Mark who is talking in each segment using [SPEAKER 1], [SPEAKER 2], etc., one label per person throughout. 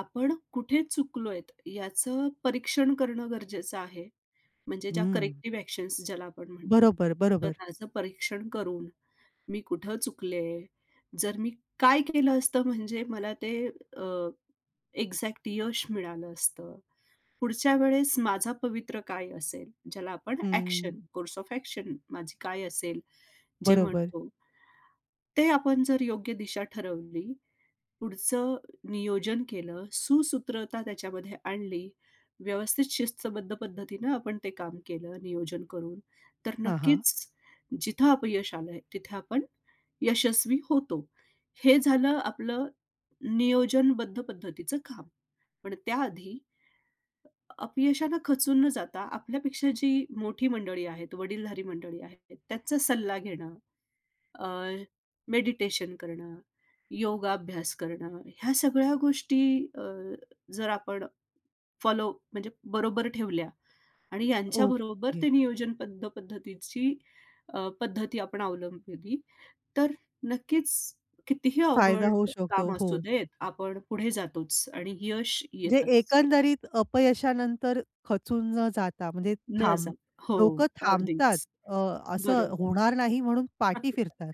[SPEAKER 1] आपण कुठे चुकलोयत याचं परीक्षण करणं गरजेचं आहे, म्हणजे ज्या
[SPEAKER 2] हं.
[SPEAKER 1] करेक्टिव्ह ॲक्शन्स ज्याला आपण म्हणतो.
[SPEAKER 2] बरोबर,
[SPEAKER 1] तर
[SPEAKER 2] बरोबर.
[SPEAKER 1] त्याचं परीक्षण करून "मी कुठं चुकले?" जर मी काय केलं असतं म्हणजे मला ते अ, एक्झॅक्ट यश मिळालं असतं? पुढच्या वेळेस माझा पवित्रा काय असेल? ज्याला आपण
[SPEAKER 2] हं.
[SPEAKER 1] ॲक्शन कोर्स ऑफ ॲक्शन माझी काय असेल जे
[SPEAKER 2] बरोबर.
[SPEAKER 1] म्हणतो? ते आपण जर योग्य दिशा ठरवली, पुढचं नियोजन केलं, सुसूत्रता त्याच्यामध्ये आणली, व्यवस्थित शिस्तबद्ध पद्धतीनं आपण ते काम केलं नियोजन करून, तर
[SPEAKER 2] हां, हां.
[SPEAKER 1] नक्कीच जिथं अपयश आलंय तिथे आपण यशस्वी होतो. हे झालं आपलं नियोजनबद्ध पद्धतीचं काम. पण त्या आधी अ, अपयशाने खचून न जाता आपल्यापेक्षा जी मोठी मंडळी आहेत, वडीलधारी मंडळी आहेत, त्याचा सल्ला घेणं, अ, मेडिटेशन करणं, योगाभ्यास करणं, ह्या सगळ्या गोष्टी अ, जर आपण फॉलो म्हणजे बरोबर ठेवल्या आणि यांच्याबरोबर
[SPEAKER 2] ओके.
[SPEAKER 1] ते नियोजनबद्ध पद्धतीची अ, पद्धती आपण अवलंबली तर नक्कीच कितीही
[SPEAKER 2] फायदा
[SPEAKER 1] अवघड
[SPEAKER 2] होऊ शकतो.
[SPEAKER 1] काम
[SPEAKER 2] हो.
[SPEAKER 1] असू देत, आपण पुढे जातोच आणि यश
[SPEAKER 2] जे
[SPEAKER 1] येतंच.
[SPEAKER 2] एकंदरीत अपयशानंतर खचून न जाता म्हणजे
[SPEAKER 1] न जा
[SPEAKER 2] थांब
[SPEAKER 1] हो,
[SPEAKER 2] लोकं थांबतात
[SPEAKER 1] अगदीच,
[SPEAKER 2] अ, असं
[SPEAKER 1] बरोबर.
[SPEAKER 2] होणार नाही म्हणून पाठी फिरतात.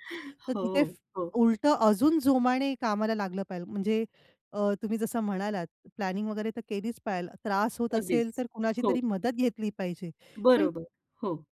[SPEAKER 2] तर तिथे
[SPEAKER 1] हो,
[SPEAKER 2] फ
[SPEAKER 1] हो.
[SPEAKER 2] उलटं अजून जोमाने कामाला लागलं पाहिजे म्हणजे अ, तुम्ही जसं म्हणालात प्लॅनिंग वगैरे तर केलीच पाहिजे, त्रास होत असेल
[SPEAKER 1] अगदीच,
[SPEAKER 2] तर कुणाची
[SPEAKER 1] हो.
[SPEAKER 2] तरी मदत घेतली पाहिजे. पण
[SPEAKER 1] बरोबर, हो.